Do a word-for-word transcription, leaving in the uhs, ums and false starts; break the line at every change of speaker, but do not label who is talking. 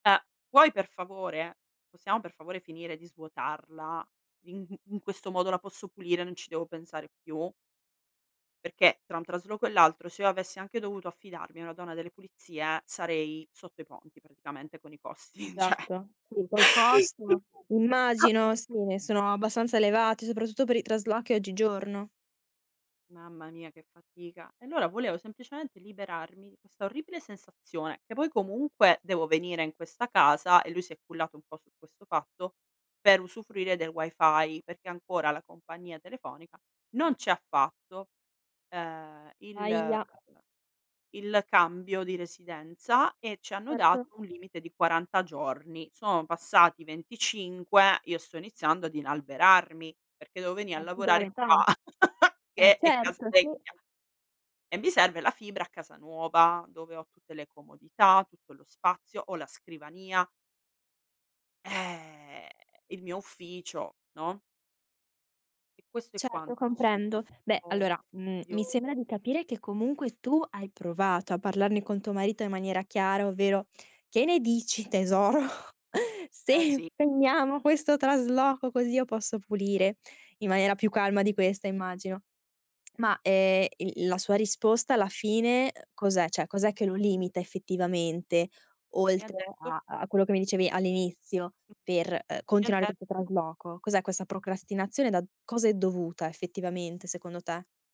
Uh, puoi per favore? Possiamo per favore finire di svuotarla? In in questo modo la posso pulire, non ci devo pensare più? Perché tra un trasloco e l'altro se io avessi anche dovuto affidarmi a una donna delle pulizie sarei sotto i ponti praticamente con i costi, ceh.
satto. Sì, col costo
A
immagino, sì ne sono abbastanza elevate, soprattutto per i traslochi oggigiorno.
Mamma mia che fatica. E allora volevo semplicemente liberarmi di questa orribile sensazione, che poi comunque devo venire in questa casa- e lui si è cullato un po' su questo fatto- per usufruire del Wi-Fi, perché ancora la compagnia telefonica non ci ha fatto, uhm, il ehm,
Ahia.
il cambio di residenza e ci hanno
Certo.
dato un limite di quaranta giorni. Sono passati venticinque, io sto iniziando ad inalberarmi, perché devo venì a
Eh, ti do
lavorare
l'età.
qua
Eh,
che è casa
certo, sì.
vecchia e mi serve la fibra a casa nuova, dove ho tutte le comodità, tutto lo spazio, ho la scrivania eh, il mio ufficio, no? E questo è
Certo,
quanto, insomma,
comprendo.
un
Beh,
po'
allora, mhmm, mi sembra
fastidioso.
di capire che comunque tu hai provato a parlarne con tuo marito in maniera chiara, ovvero: "Che ne dici tesoro,
Eh,
se
sì.
[unintelligible] questo trasloco così io posso pulire?" In maniera più calma di questa immagino. Ma, ehm, il il la sua risposta alla fine, uhm, cos'è? ceh cos'è che lo limita effettivamente,
Lui mi ha
oltre
detto
a a quello che mi dicevi all'inizio
Mh-mh.
per, uhm,
Ma mi ha
continuare questo
detto
trasloco? Cos'è questa procrastinazione? Da cosa è dovuta effettivamente secondo te?